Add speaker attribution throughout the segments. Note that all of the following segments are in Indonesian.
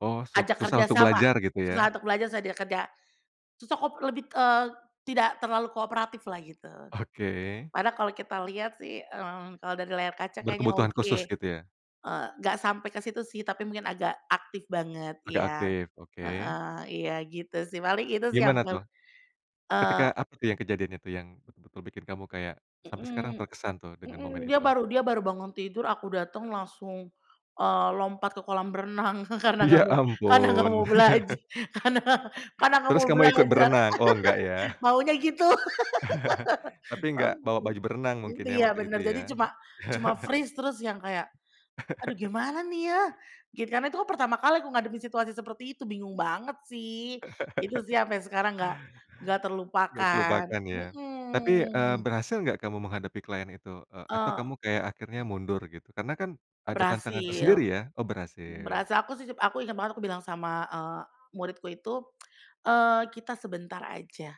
Speaker 1: Oh, suk
Speaker 2: Ajak
Speaker 1: susah untuk
Speaker 2: kerjasama,
Speaker 1: belajar gitu, ya.
Speaker 2: susah untuk belajar, susah dia kerja. Susah kop lebih, eee, tidak terlalu kooperatiflah gitu.
Speaker 1: Oke.
Speaker 2: Padahal kalau kita lihat, sih, eee, kalau dari layar kaca kayaknya
Speaker 1: Berkebutuhan
Speaker 2: oke.
Speaker 1: khusus gitu, ya?
Speaker 2: Eee, nggak sampai ke situ, sih, tapi mungkin agak aktif banget
Speaker 1: Agak
Speaker 2: iya,
Speaker 1: aktif, oke.
Speaker 2: heeh, iya gitu, sih, paling itu, sih,
Speaker 1: Gimana,
Speaker 2: yang ber
Speaker 1: tuh?
Speaker 2: eee
Speaker 1: Ketika apa, tuh, yang kejadian itu yang betul-betul bikin kamu kayak sampe sekarang
Speaker 2: Mhm
Speaker 1: terkesan, tuh, dengan
Speaker 2: mhm,
Speaker 1: momen
Speaker 2: dia
Speaker 1: itu?
Speaker 2: baru dia baru bangun tidur, aku datang langsung, eee, lompat ke kolam renang karena nggak
Speaker 1: Ya,
Speaker 2: mau karena nggak
Speaker 1: ampun.
Speaker 2: mau belaj karena karena nggak
Speaker 1: Terus
Speaker 2: mau
Speaker 1: kamu ikut
Speaker 2: belajar.
Speaker 1: berenang? Oh, enggak, ya.
Speaker 2: Maunya gitu.
Speaker 1: Tapi enggak bawa baju berenang
Speaker 2: Mmm,
Speaker 1: mungkin, ya,
Speaker 2: iya,
Speaker 1: waktu itu,
Speaker 2: bener, jadi
Speaker 1: ya.
Speaker 2: cuma cuma freeze terus yang kayak, "Aduh gimana, nih, ya?" Gi karena itu kan pertama kali aku ngadepin situasi seperti itu, bingung banget, sih, itu, sih, sampai sekarang nggak nggak
Speaker 1: Nggak
Speaker 2: terlupakan.
Speaker 1: kelupaan ya. Tapi, eee
Speaker 2: Mhm.
Speaker 1: berhasil nggak kamu menghadapi klien itu? Eee, atau kamu
Speaker 2: Eee
Speaker 1: kayak akhirnya mundur gitu? Karena, kan, ada tantangan
Speaker 2: Berhasil.
Speaker 1: tersendiri, ya? Oh, berhasil.
Speaker 2: Berhasil, aku, sih, aku inget banget aku bilang sama, eee, muridku itu, eee, "Kita sebentar aja,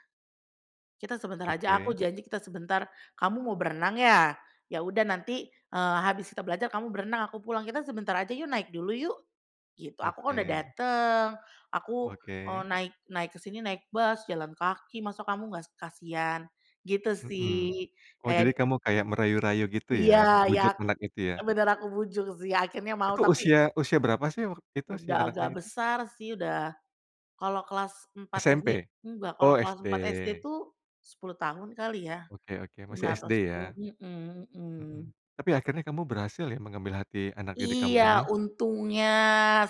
Speaker 2: kita sebentar aja, aku
Speaker 1: Oke.
Speaker 2: janji kita sebentar, kamu mau berenang ya? Ya udah nanti, eee, habis kita belajar kamu berenang aku pulang kita sebentar aja yuk, naik dulu yuk." Gitu, "Aku, kan, udah
Speaker 1: Oke.
Speaker 2: dateng, aku, eee,
Speaker 1: Oke.
Speaker 2: naik naik ke sini naik bus, jalan kaki, masa kamu nggas kasihan," gitu,
Speaker 1: Mhm.
Speaker 2: sih.
Speaker 1: Oh, jadi
Speaker 2: Ed
Speaker 1: kamu kayak merayu-rayu gitu, ya,
Speaker 2: Iya iya,
Speaker 1: membujuk anak itu, ya.
Speaker 2: bener aku bujuk, sih, akhirnya mau
Speaker 1: Itu
Speaker 2: tapi
Speaker 1: usia usia berapa, sih, wak itu usia
Speaker 2: Udah
Speaker 1: anaknya
Speaker 2: agak
Speaker 1: itu?
Speaker 2: besar, sih, udah kalau kelas 4 SD
Speaker 1: SMP?
Speaker 2: enggak, kalau
Speaker 1: Oh,
Speaker 2: kelas 4 SD,
Speaker 1: SD.
Speaker 2: tuh, 10 tahun kali, ya,
Speaker 1: Oke oke, masih
Speaker 2: 9 atau
Speaker 1: SD
Speaker 2: 10.
Speaker 1: ya.
Speaker 2: Mhm
Speaker 1: Mhm.
Speaker 2: mhm.
Speaker 1: Tapi akhirnya kamu berhasil, ya, mengambil hati anak didik
Speaker 2: Iya,
Speaker 1: kamu ini?
Speaker 2: untungnya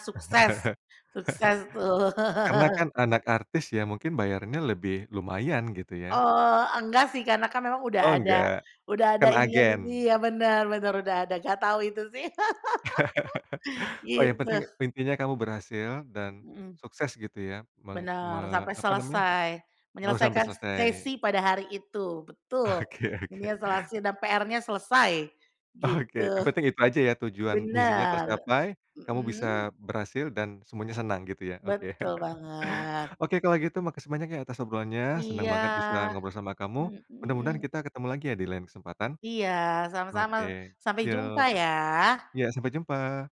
Speaker 2: sukses, sukses, tuh.
Speaker 1: Karena, kan, anak artis, ya, mungkin bayarnya lebih lumayan gitu, ya.
Speaker 2: Eee, enggak, sih, karena, kan, memang udah
Speaker 1: Oh,
Speaker 2: ada
Speaker 1: enggak,
Speaker 2: udah ada
Speaker 1: kan,
Speaker 2: ininya sendi
Speaker 1: agen.
Speaker 2: iya, bener bener udah ada nggak tahu itu, sih.
Speaker 1: Oh, yang
Speaker 2: Gitu.
Speaker 1: penting, intinya kamu berhasil dan
Speaker 2: Mhm.
Speaker 1: sukses gitu, ya, meng
Speaker 2: Benar,
Speaker 1: me
Speaker 2: sampai
Speaker 1: apa namanya
Speaker 2: selesai,
Speaker 1: oh, sampai
Speaker 2: menyelesaikan
Speaker 1: selesai.
Speaker 2: sesi pada hari itu, betul.
Speaker 1: Oke oke.
Speaker 2: Menyeselasi dan PR-nya selesai,
Speaker 1: Oke, yang
Speaker 2: gitu.
Speaker 1: penting itu aja, ya, tujuan misinya
Speaker 2: Bener.
Speaker 1: tercapai, kamu bisa
Speaker 2: Mhm.
Speaker 1: berhasil dan semuanya senang gitu, ya, oke.
Speaker 2: Betul banget.
Speaker 1: Oke, kalau gitu makasih banyak, ya, atas obrolannya, senang
Speaker 2: Iya.
Speaker 1: banget bisa ngobrol sama kamu,
Speaker 2: Hmm,
Speaker 1: mudah-mudahan
Speaker 2: mhm.
Speaker 1: kita ketemu lagi, ya, di lain kesempatan.
Speaker 2: Iya, sama-sama.
Speaker 1: Oke,
Speaker 2: Sampai jumpa,
Speaker 1: yuk.
Speaker 2: ya.
Speaker 1: Iya, sampai jumpa.